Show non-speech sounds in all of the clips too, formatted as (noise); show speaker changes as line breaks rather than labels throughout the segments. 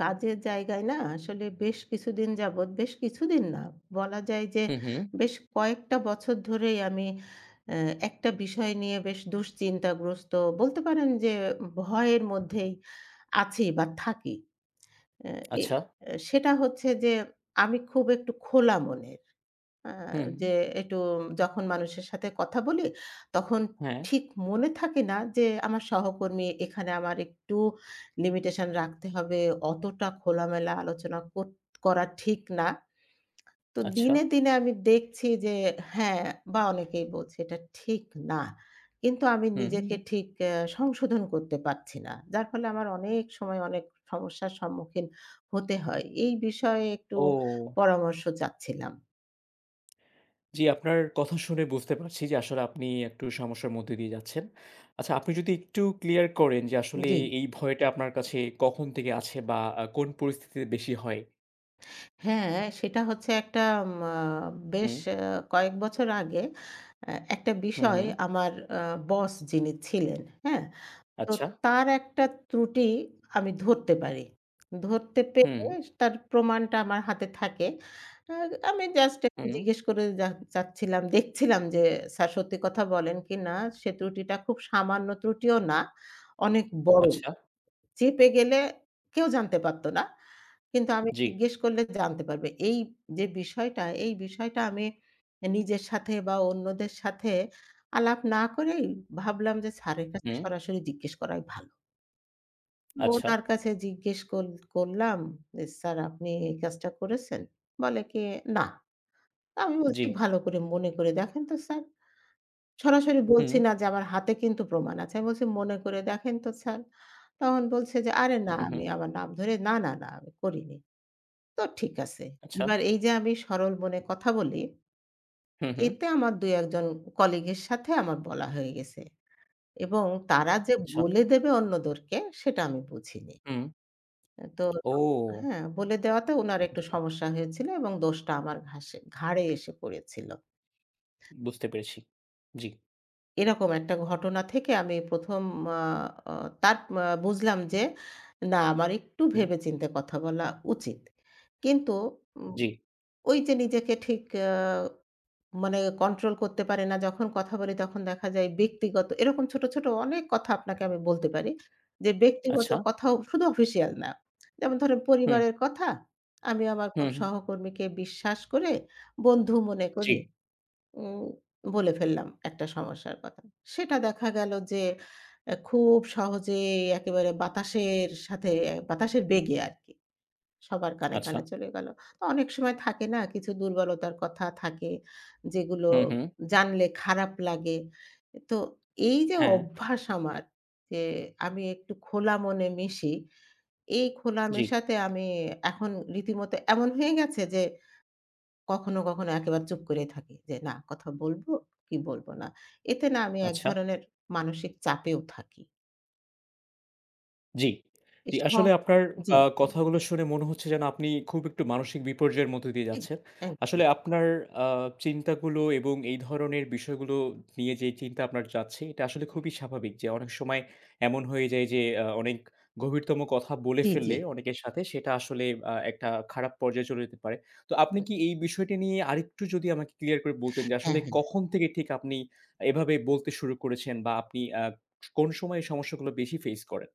কাজের জায়গায় না আসলে বেশ কিছুদিন যাবত, বেশ কিছুদিন না, বলা যায় যে
হু, হু।
বেশ কয়েকটা বছর ধরেই আমি আ একটা বিষয় নিয়ে বেশ দুশ্চিন্তাগ্রস্ত, বলতে পারেন যে ভয়ের মধ্যেই আছি বা থাকি। অ্যা এ
আচ্ছা।
আ সেটা হচ্ছে যে আমি খুব একটু খোলা মনের। আ যে
হুম।
একটু যখন মানুষের সাথে কথা বলি তখন
হ্যাঁ।
ঠিক মনে থাকে না যে আমার সহকর্মী এখানে আমার একটু limitation রাখতে হবে। অতটা খোলামেলা আলোচনা কর করা ঠিক না। তো
আচ্ছা।
দিনে, দিনে আমি দেখছি যে হ্যাঁ, বা অনেকেই বলছে এটা ঠিক না। কিন্তু আমি
হু,
নিজেকে
হু।
ঠিক এ সংশোধন করতে পারছি না। যার ফলে আমার অনেক সময় অনেক সমস্যার সম্মুখীন হতে হয়। এই বিষয়ে একটু
ও!
পরামর্শ চাচ্ছিলাম।
জি, আপনার কথা শুনে বুঝতে পারছি যে আসলে আপনি একটু সমস্যার মধ্য দিয়ে যাচ্ছেন। আচ্ছা, আপনি যদি একটু clear করেন যে আসলে
জি।
এ এই ভয়টা আপনার কাছে কখন থেকে আছে বা আ কোন পরিস্থিতিতে বেশি হয়?
হ্যাঁ, সেটা হচ্ছে একটা আ বেশ
হুম।
এ কয়েক বছর আগে এ একটা
হু,
বিষয়
হু।
আমার আ boss যিনি ছিলেন হ্যাঁ, তো
আচ্ছা।
তার একটা ত্রুটি আমি ধরতে পারি। ধরতে পেরে
হু।
তার প্রমাণটা আমার হাতে থাকে। আর আমি just একটু
হু।
জিজ্ঞেস করে চা যাচ্ছিলাম, দেখছিলাম যে স্যার সত্যি কথা বলেন কিনা। সে ত্রুটিটা খুব সামান্য ত্রুটিও না, অনেক বড়।
আচ্ছা।
চেপে গেলে কেউ জানতে পারত না। কিন্তু আমি
জি।
জিজ্ঞেস করলে জানতে পারবে। এই যে বিষয়টা এই বিষয়টা আমি এ নিজের সাথে বা অন্যদের সাথে আলাপ না করেই ভাবলাম যে স্যারের কাছে
হুম।
সরাসরি জিজ্ঞেস করাই ভালো।
আচ্ছা।
উনার কাছে জিজ্ঞেস কর করলাম যে, "স্যার আপনি এই কাজটা করেছেন?" বলে কি, "না।" আমি বলছি,
জি।
"ভালো করে মনে করে দেখেন তো স্যার।" সরাসরি বলছি
হু।
না যে আমার হাতে কিন্তু প্রমাণ আছে। আমি বলছি, "মনে করে দেখেন তো স্যার।" তখন বলছে যে, "আরে না!"
হু,
আমি
হু।
আমার নাম ধরে, "না, না, না, আমি করিনি।" তো ঠিক আছে।
আচ্ছা।
এবার এই যে আমি সরল মনে কথা বলি
হু, হু।
এতে আমার ২ ১ জন colleague এর সাথে আমার বলা হয়ে গেছে এবং তারা যে
আচ্ছা।
বলে দেবে অন্যদেরকে সেটা আমি বুঝিনি।
হুম।
আ তো
ও!
হ্যাঁ, বলে দেওয়াতে উনার একটু সমস্যা হয়েছিল এবং দোষটা আমার ঘাসে ঘাড়ে এসে পড়েছিল।
বুঝতে পেরেছি, জি।
এরকম একটা ঘটনা থেকে আমি ১ম আ তার বুঝলাম যে না আমার একটু
হু।
ভেবেচিন্তে কথা বলা উচিত। কিন্তু উ
জি।
ওই যে নিজেকে ঠিক আ মানে control করতে পারে না যখন কথা বলি তখন দেখা যায় ব্যক্তিগত এরকম ছোট, ছোট অনেক কথা আপনাকে আমি বলতে পারি যে ব্যক্তিগত
আচ্ছা।
কথাও শুধু official না। যেমন ধরেন
হু।
পরিবারের কথা। আমি আমার খুব
হু।
সহকর্মীকে বিশ্বাস করে, বন্ধু মনে করি
জি।
উ বলে ফেললাম একটা সমস্যার কথা। সেটা দেখা গেল যে এ খুব সহজেই একেবারে বাতাসের সাথে বাতাসের বেগে আরকি সবার কানে,
আচ্ছা।
কানে চলে গেল। তো অনেক সময় থাকে না কিছু দুর্বলতার কথা থাকে যেগুলো
হু, হু।
জানলে খারাপ লাগে। এ তো এই যে
হ্যাঁ।
অভ্যাস আমার যে আমি একটু খোলা মনে মিশি এই খোলা
জি।
মেশাতে আমি এখন রীতিমতো এমন হয়ে গেছে যে কখনো, কখনো একেবারে চুপ করে থাকি যে না কথা বলব কি বলব না। এতে না আমি এক
আচ্ছা।
ধরনের মানসিক চাপেও থাকি।
জি। জি,
এসম
আসলে আপনার
জি।
আ কথাগুলো শুনে মনে হচ্ছে যেন আপনি খুব একটু মানসিক বিপর্যয়ের মধ্য দিয়ে
এক
যাচ্ছেন।
একদম।
আসলে আপনার আ চিন্তাগুলো এবং এই ধরনের বিষয়গুলো নিয়ে যেই চিন্তা আপনার যাচ্ছে, এটা আসলে খুবই স্বাভাবিক যে অনেক সময় এমন হয়ে যায় যে আ অনেক গভীরতম কথা বলে
জি, জি।
ফেললে অনেকের সাথে সেটা আসলে আ একটা খারাপ পর্যায়ে চলে যেতে পারে। তো আপনি
উ
কি এই বিষয়টি নিয়ে আরেকটু যদি আমাকে clear করে বলতেন যে
হ্যাঁ,
আসলে
হ্যাঁ।
কখন থেকে ঠিক আপনি এভাবে বলতে শুরু করেছেন বা আপনি আ স কোনো সময়ে সমস্যাগুলো বেশি face করেন?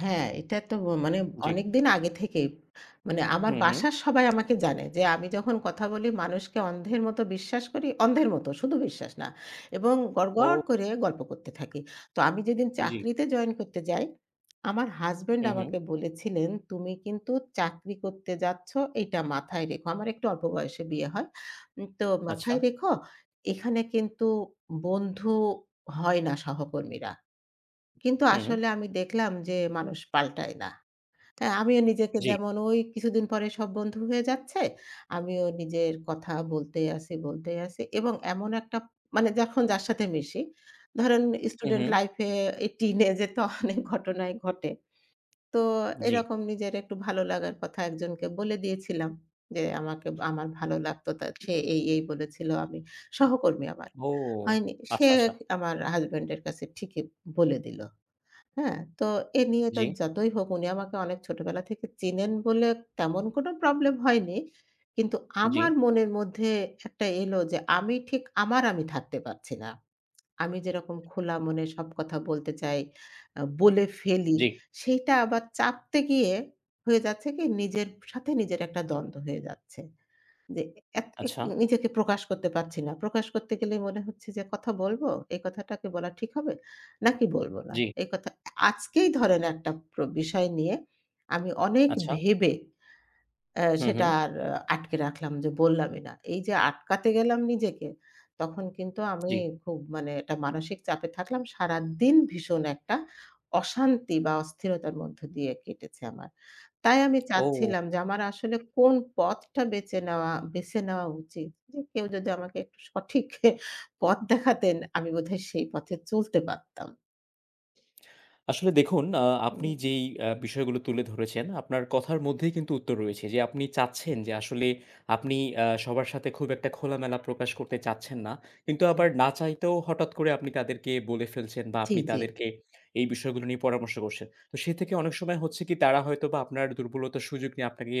হ্যাঁ এটা তো ম মানে
জি।
অনেকদিন আগে থেকেই মানে আমার
হু, হু।
বাসার সবাই আমাকে জানে যে আমি যখন কথা বলি মানুষকে অন্ধের মত বিশ্বাস করি। অন্ধের মত শুধু বিশ্বাস না এবং গড়গড়
ও!
করে গল্প করতে থাকি। তো আমি যেদিন
জি।
চাকরিতে join করতে যাই আমার husband
হু,
আমাকে
হু।
বলেছিলেন, "তুমি কিন্তু চাকরি করতে যাচ্ছ এটা মাথায় রেখো।" আমার একটু অল্প বয়সে বিয়ে হয়। উ তো
আচ্ছা।
"মাথায় রেখো এখানে কিন্তু বন্ধু হয় না সহকর্মীরা।" কিন্তু
হু।
আসলে আমি দেখলাম যে মানুষ পাল্টায় না। তাই আমিও নিজেকে
জি।
যেমন ওই কিছুদিন পরে সব বন্ধু হয়ে যাচ্ছে আমিও নিজের কথা বলতেই আছি, বলতেই আছি এবং এমন একটা মানে যখন যার সাথে মিশি ধরেন
হু,
student
হু।
life এ teenage এ তো অনেক ঘটনাই ঘটে। তো
জি।
এরকম নিজের একটু ভালো লাগার কথা একজনকে বলে দিয়েছিলাম যে আমাকে আমার ভালো লাগত তা সে এই, এই বলেছিল। আমি সহকর্মী আমার।
ও!
হয়নি সে
আচ্ছা, আচ্ছা।
আমার husband এর কাছে ঠিকই বলে দিল। হ্যাঁ? তো এ নিয়ে তো
জি।
যতই হোক উনি আমাকে অনেক ছোটবেলা থেকে চেনেন বলে তেমন কোনো problem হয়নি। কিন্তু আমার
জি।
মনের মধ্যে একটা এলো যে আমি ঠিক আমার আমি থাকতে পারছি না। আমি যেরকম খোলা মনে সব কথা বলতে চাই আ বলে ফেলি
জি।
সেইটা আবার চাপতে গিয়ে হয়ে যাচ্ছে কি নিজের সাথে নিজের একটা দ্বন্দ্ব হয়ে যাচ্ছে। যে এক এ
আচ্ছা।
নিজেকে প্রকাশ করতে পারছি না। প্রকাশ করতে গেলে মনে হচ্ছে যে কথা বলব, এই কথাটা কি বলা ঠিক হবে নাকি বলব না।
জি।
এই কথা আ আজকেই ধরেন একটা প্র বিষয় নিয়ে আমি অনেক
আচ্ছা।
ভেবে আ
হু,
সেটা
হুম।
আর আটকে রাখলাম যে বললামই না। এই যে আটকাতে গেলাম নিজেকে তখন কিন্তু আমি
জি।
খুব মানে একটা মানসিক চাপে থাকলাম। সারাদিন ভীষণ একটা অশান্তি বা অস্থিরতার মধ্য দিয়ে কেটেছে আমার। তাই আমি
ও!
চাচ্ছিলাম যে আমার আসলে কোন পথটা বেঁচে নেওয়া বেছে নেওয়া উচিত। যে কেউ যদি আমাকে একটু সঠিক পথ দেখাতেন আমি বোধহয় সেই পথে চলতে পারতাম।
(smacks lips) আসলে দেখুন, আ আপনি
হু।
যেই আ বিষয়গুলো তুলে ধরেছেন আপনার কথার মধ্যেই কিন্তু উত্তর রয়েছে, যে আপনি চাচ্ছেন যে আসলে আপনি আ সবার সাথে খুব একটা খোলামেলা প্রকাশ করতে চাচ্ছেন না। কিন্তু আবার না চাইতেও হঠাৎ করে আপনি তাদেরকে বলে ফেলছেন বা
জি,
আপনি
জি।
তাদেরকে এই বিষয়গুলো নিয়ে পরামর্শ করছেন। তো সে থেকে অনেক সময় হচ্ছে কি তারা হয়তোবা আপনার দুর্বলতার সুযোগ নিয়ে আপনাকে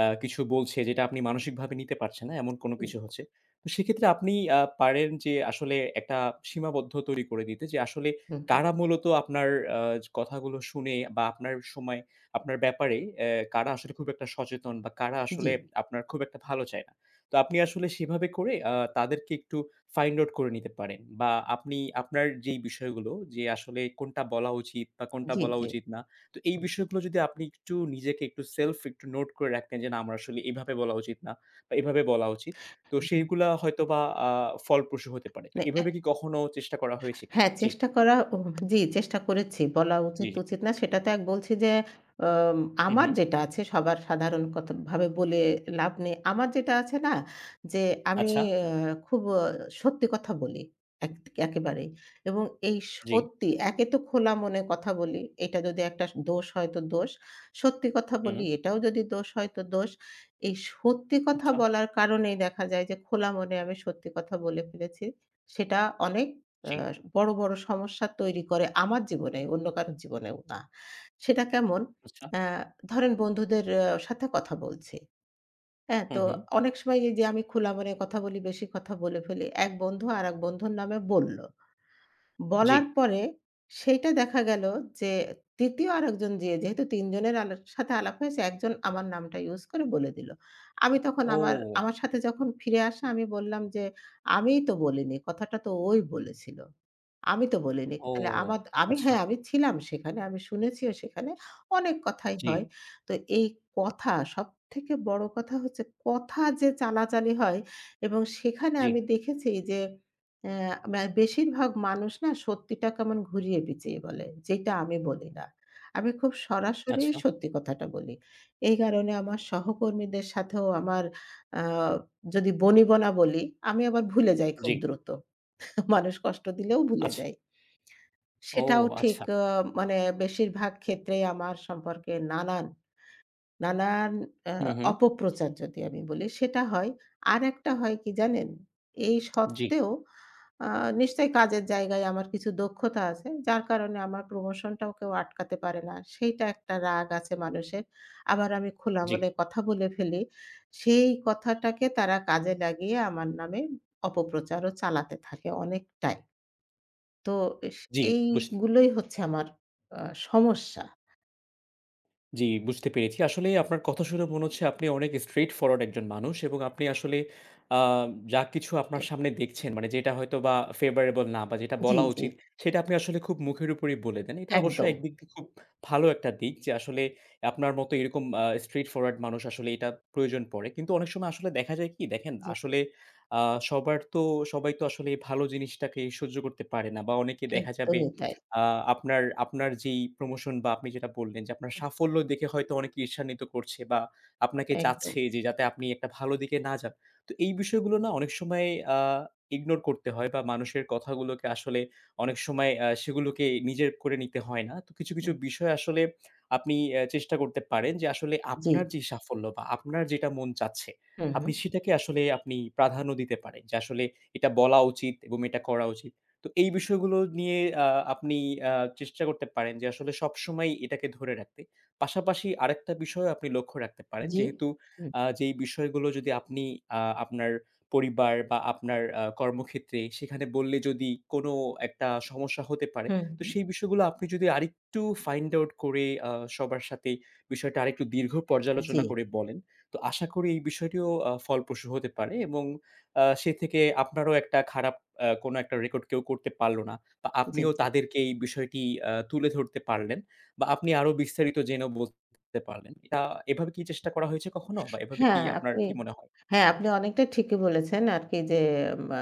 আ কিছু বলছে যেটা আপনি মানসিকভাবে নিতে পারছেন না এমন কোনো
উ
কিছু হচ্ছে। তো সেক্ষেত্রে আপনি আ পারেন যে আসলে একটা সীমাবদ্ধ তৈরি করে নিতে যে আসলে
হু, হু।
কারা মূলত আপনার আ জ কথাগুলো শুনে বা আপনার সময়ে আপনার ব্যাপারে অ্যা কারা আসলে খুব একটা সচেতন বা কারা আসলে
জি।
আপনার খুব একটা ভালো চায় না। তো আপনি আসলে সেভাবে করে আ তাদেরকে একটু find out করে নিতে পারেন বা আপনি আপনার যেই বিষয়গুলো যে আসলে কোনটা বলা উচিত বা কোনটা
জি,
বলা
জি।
উচিত না তো এই বিষয়গুলো যদি আপনি একটু নিজেকে একটু self একটু note করে রাখেন যে না আমার আসলে এভাবে বলা উচিত না বা এভাবে বলা উচিত। তো
(unintelligible)
সেইগুলা হয়তোবা আ ফলপ্রসূ হতে পারে। তো
মানে এক
এভাবে কি কখনো চেষ্টা করা হয়েছে কিনা?
হ্যাঁ,
জ্বি।
চেষ্টা করা উ জি চেষ্টা করেছি। বলা
জ্বি, জি।
উচিত-তুচিত না সেটা তো এক বলছি যে, অম
হুম,
আমার
হুম।
যেটা আছে সবার সাধারণ কতভাবে বলে লাভ নেই। আমার যেটা আছে না, যে আমি
আচ্ছা।
আ খুব আ সত্যি কথা বলি একৎ একেবারেই এবং এই
জ্বি।
সত্যি একে তো খোলা মনে কথা বলি এটা যদি একটা দোষ হয় তো দোষ। সত্যি কথা বলি
হুম।
এটাও যদি দোষ হয় তো দোষ। এই সত্যি কথা
আচ্ছা।
বলার কারণেই দেখা যায় যে খোলা মনে আমি সত্যি কথা বলে ফেলেছি। সেটা অনেক আ
জ্বি।
বড়, বড় সমস্যা তৈরি করে আমার জীবনে, অন্য কারোর জীবনেও না। সেটা কেমন?
আচ্ছা।
আ ধরেন বন্ধুদের আ সাথে কথা বলছি। হ্যাঁ
হুম,
তো,
হুম।
অনেক সময় এইযে আমি খোলা মনে কথা বলি, বেশি কথা বলে ফেলি। এক বন্ধু আরেক বন্ধুর নামে বলল।
জ্বি।
বলার পরে সেইটা দেখা গেল যে ৩য় আরেকজন যে যেহেতু ৩ জনের আলক সাথে আলাপ হয়েছে একজন আমার নামটা use করে বলে দিল। আমি তখন আমার
ও!
আমার সাথে যখন ফিরে আসে আমি বললাম যে, "আমিই তো বলিনি। কথাটা তো ওই বলেছিল। আমি তো বলিনি।
ও,
তাহলে আমার আমি হ্যাঁ,
আচ্ছা।
আমি ছিলাম সেখানে। আমি শুনেছিও সেখানে। অনেক কথাই
জ্বি।
হয়।" তো এই কথা সবথেকে বড় কথা হচ্ছে কথা যে চালাচালি হয় এবং সেখানে
জ্বি।
আমি দেখেছি যে, আ মে বেশিরভাগ মানুষ না সত্যিটা কেমন ঘুরিয়ে-পেঁচিয়ে বলে। যেটা আমি বলি না। আমি খুব সরাসরি
আচ্ছা।
সত্যি কথাটা বলি। এই কারণে আমার সহকর্মীদের সাথেও আমার আ যদি বনিবনা বলি আমি আবার ভুলে যাই খুব
জ্বি।
দ্রুত। (chuckles) মানুষ কষ্ট দিলেও ভুলে
আচ্ছা।
যাই।
ও
সেটাও ঠিক
আচ্ছা।
আ মানে বেশিরভাগ ক্ষেত্রেই আমার সম্পর্কে নানান, নানান আ
হুম, হুম।
অপপ্রচার যদি আমি বলি সেটা হয়। আরেকটা হয় কি জানেন? এই
জ্বি।
সত্ত্বেও আ নিশ্চয়ই কাজের জায়গায় আমার কিছু দক্ষতা আছে যার কারণে আমার promotion-টাও কেউ আটকাতে পারে না। সেইটা একটা রাগ আছে মানুষের। আবার আমি খোলা
জ্বি।
মনে কথা বলে ফেলি। সেই কথাটাকে তারা কাজে লাগিয়ে আমার নামে অপপ্রচারও চালাতে থাকে অনেকটাই। তো এস
জ্বি, বুঝ
এইগুলোই হচ্ছে আমার আ সমস্যা।
জ্বি, বুঝতে পেরেছি। আসলেই আপনার কথা শুনে মনে হচ্ছে আপনি অনেক straight-forward একজন মানুষ এবং আপনি আসলে আ যা কিছু আপনার
জ্বি।
সামনে দেখছেন মানে যেটা হয়তো বা favorable না বা যেটা
জ্বি,
বলা
জ্বি।
উচিত, সেটা আপনি আসলে খুব মুখের উপরেই বলে দেন। এটা অবশ্য
একদম।
একদিক দিয়ে খুব ভালো একটা দিক। যে আসলে আপনার মতো এরকম আ straight-forward মানুষ আসলে এটা প্রয়োজন পড়ে। কিন্তু অনেক সময় আসলে দেখা যায় কি দেখেন
জি।
আসলে আ সবার তো সবাই তো আসলে আ ভালো জিনিসটাকে সহ্য করতে পারে না বা অনেকে দেখা যাবে
একদমই তাই।
(smacks lips) আ আপনার, আপনার যেই promotion বা আপনি যেটা বললেন যে আপনার
হুম।
সাফল্য দেখে হয়তো অনেকে ঈর্ষান্বিত করছে বা আপনাকে
একদম।
চাচ্ছে যে যাতে আপনি একটা ভালো দিকে না যান। তো এই বিষয়গুলো না অনেক সময় আ ignore করতে হয় বা মানুষের কথাগুলোকে আসলে অনেক সময় আ সেগুলোকে নিজের করে নিতে হয় না। তো কিছু, কিছু
হুম।
বিষয় আসলে (smacks lips) আপনি এ চেষ্টা করতে পারেন যে আসলে আপনার
জি।
যে সাফল্য বা আপনার যেটা মন চাচ্ছে
হু,
আপনি
হু।
সেটাকে আসলে আপনি প্রাধান্য দিতে পারেন। যে আসলে এটা বলা উচিত এবং এটা করা উচিত। তো এই বিষয়গুলো নিয়ে আ আপনি আ চেষ্টা করতে পারেন যে আসলে সবসময়ই এটাকে ধরে রাখতে। পাশাপাশি আরেকটা বিষয় আপনি লক্ষ্য রাখতে পারেন
জি।
যেহেতু
হুম।
আ যেই বিষয়গুলো যদি আপনি আ আপনার পরিবার বা আপনার আ কর্মক্ষেত্রে সেখানে বললে যদি কোনো একটা সমস্যা হতে পারে
হুম,
তো
হু।
সেই বিষয়গুলো আপনি যদি আরেকটু find out করে আ সবার সাথে বিষয়টা আরেকটু দীর্ঘ পর্যালোচনা
জি।
করে বলেন তো আশা করি এই বিষয়টি ও ফলপ্রসূ হতে পারে এবং আ সে থেকে আপনারও একটা খারাপ আ কোনো একটা record কেউ করতে পারলো না বা
জি,
আপনিও
জি।
তাদেরকে এই বিষয়টি আ তুলে ধরতে পারলেন বা আপনি আরও বিস্তারিত জেনেও বলতে পারলেন। এটা এভাবে কি চেষ্টা করা হয়েছে কখনো বা এভাবে কি
হ্যাঁ,
আপনার
আপনি
কি মনে হ
হ্যাঁ
জ্বি।
আপনি অনেকটাই ঠিকই বলেছেন আরকি যে মা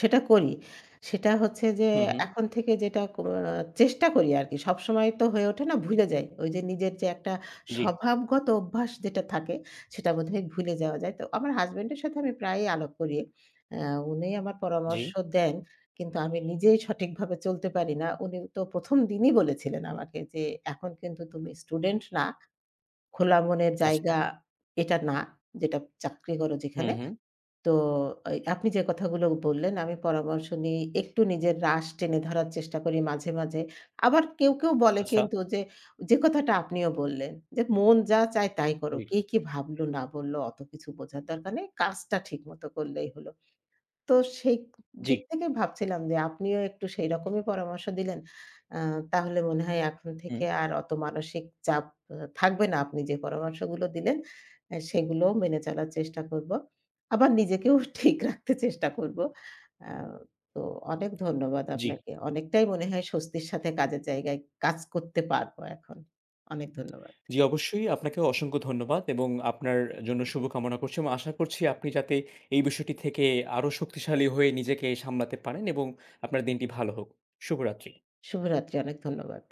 সেটা করি। সেটা হচ্ছে যে
হুম, হুম।
এখন থেকে যেটা ক আ চেষ্টা করি আরকি। সব সময় তো হয়ে ওঠে না, ভুলে যাই। ওই যে নিজের যে একটা
জ্বি।
স্বভাবগত অভ্যাস যেটা থাকে সেটা মধ্যে ভুলে যাওয়া যায়। তো আমার husband এর সাথে আমি প্রায়ই আলাপ করি। আ উনি আমার
জ্বি।
পরামর্শ দেন কিন্তু আমি নিজেই সঠিকভাবে চলতে পারি না। উনি তো ১ম দিনই বলেছিলেন আমাকে যে, "এখন কিন্তু তুমি student না। খোলা মনে
আচ্ছা।
জায়গা এটা না যেটা চাকরি করো
হুম,
যেখানে।"
হুম।
তো ঐ আপনি যে কথাগুলো বললেন আমি পরামর্শ নিই। একটু নিজের রাশ টেনে ধরার চেষ্টা করি মাঝে, মাঝে। আবার কেউ, কেউ বলে
আচ্ছা।
কিন্তু যে যে কথাটা আপনিও বললেন যে মন যা চায় তাই করো।
জ্বি।
কে কি ভাবলো না বললো অত কিছু বোঝার দরকার নেই। কাজটা ঠিকমতো করলেই হলো। তো সেই ক
জ্বি।
দিক থেকে ভাবছিলাম যে আপনিও একটু সেই রকমই পরামর্শ দিলেন। আ তাহলে মনে হয় এখন থেকে
হুম।
আর অত মানসিক চাপ অ থাকবে না। আপনি যে পরামর্শগুলো দিলেন এ সেগুলো মেনে চলার চেষ্টা করব। আবার নিজেকেও ঠিক রাখতে চেষ্টা করব। আ তো অনেক ধন্যবাদ
জ্বি।
আপনাকে। অনেকটাই মনে হয় স্বস্তির সাথে কাজের জায়গায় কাজ করতে পারব এখন। অনেক ধন্যবাদ।
জ্বি, অবশ্যই আপনাকে অসংখ্য ধন্যবাদ এবং আপনার জন্য শুভকামনা করছি এবং আশা করছি আপনি যাতে এই বিষয়টি থেকে আরও শক্তিশালী হয়ে নিজেকে সামলাতে পারেন এবং আপনার দিনটি ভালো হোক। শুভ রাত্রি।
শুভরাত্রি, অনেক ধন্যবাদ।